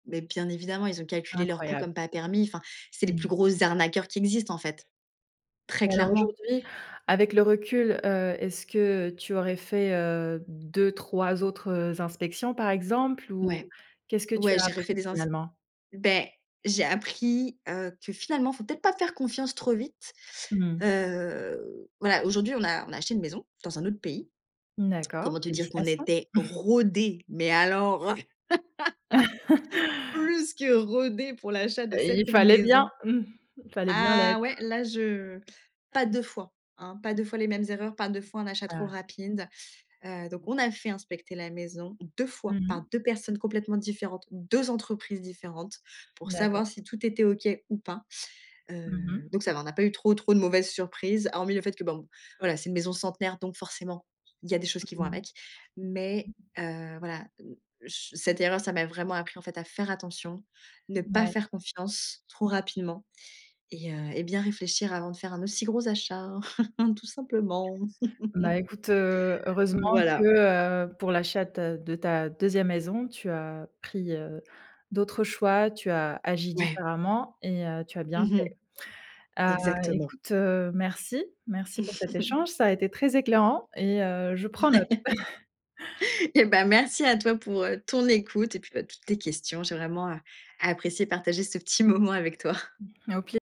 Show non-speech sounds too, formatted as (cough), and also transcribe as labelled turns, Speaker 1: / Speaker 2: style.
Speaker 1: Mais bien évidemment, ils ont calculé leurs coûts
Speaker 2: Incroyable.
Speaker 1: comme pas permis, enfin. C'est les plus
Speaker 2: Mmh.
Speaker 1: gros arnaqueurs qui existent, en fait, très
Speaker 2: Alors,
Speaker 1: clairement.
Speaker 2: aujourd'hui, avec le recul, heu, est-ce que tu aurais fait, heu, 2-3 autres, heu, inspections par exemple ou?
Speaker 1: Ouais,
Speaker 2: Qu'est-ce que tu
Speaker 1: ouais,
Speaker 2: as
Speaker 1: j'ai
Speaker 2: appris
Speaker 1: refait des ens
Speaker 2: finalement?
Speaker 1: beh j'ai appris, heu, que finalement, faut peut-être pas faire confiance trop vite.
Speaker 2: Mmh.
Speaker 1: Heu, voilà, aujourd'hui, on a on a acheté une maison dans un autre pays.
Speaker 2: D'accord,
Speaker 1: Comment te dire qu'on
Speaker 2: félicitations.
Speaker 1: était
Speaker 2: (chuckles)
Speaker 1: rodé, mais alors (laughs)
Speaker 2: (laughs)
Speaker 1: plus que rodé pour l'achat de
Speaker 2: Heu,
Speaker 1: cette
Speaker 2: il fallait bien,
Speaker 1: maison.
Speaker 2: mmh, il fallait bien
Speaker 1: Ah
Speaker 2: l'être.
Speaker 1: ouais là, je pas 2 fois hein? Pas 2 fois les mêmes erreurs, pas 2 fois un achat trop
Speaker 2: Ah!
Speaker 1: rapide, heu, donc on a fait inspecter la maison 2
Speaker 2: Mmh
Speaker 1: fois par
Speaker 2: mh.
Speaker 1: 2 personnes complètement différentes, 2 entreprises différentes pour
Speaker 2: D'accord.
Speaker 1: savoir si tout était OK ou pas.
Speaker 2: Mmh
Speaker 1: Heu,
Speaker 2: mh.
Speaker 1: donc ça va, on a pas eu trop trop de mauvaises surprises hormis le fait que bon, voilà c'est une maison centenaire, donc forcément, il y a des choses qui vont avec, mais
Speaker 2: (unintelligible)
Speaker 1: heu, voilà, che cette erreur, ça m'a vraiment appris, en fait, à faire attention, ne pas
Speaker 2: Ouais.
Speaker 1: faire confiance, trop rapidement et heu, et bien réfléchir avant de faire un aussi gros achat (chuckles) tout simplement.
Speaker 2: Ben,
Speaker 1: (chuckles)
Speaker 2: écoute, heu, heureusement
Speaker 1: Voilà.
Speaker 2: que, heu, pour l'achat de ta de ta 2e maison, tu as pris, heu, d'autres choix, tu as agi
Speaker 1: Ouais.
Speaker 2: différemment et heu, tu as bien
Speaker 1: Mmh
Speaker 2: fait.
Speaker 1: mh.
Speaker 2: Heu,
Speaker 1: Exactement.
Speaker 2: écoute, heu, merci merci pour cet
Speaker 1: (chuckles)
Speaker 2: échange, ça a été très éclairant et heu, je prends note.
Speaker 1: Ouais.
Speaker 2: (chuckles)
Speaker 1: Et ben, merci à toi pour, heu, ton écoute, et puis, ben, toutes tes questions. J'ai vraiment, heu, apprécié partager, ce petit moment avec toi.
Speaker 2: Ah, au pi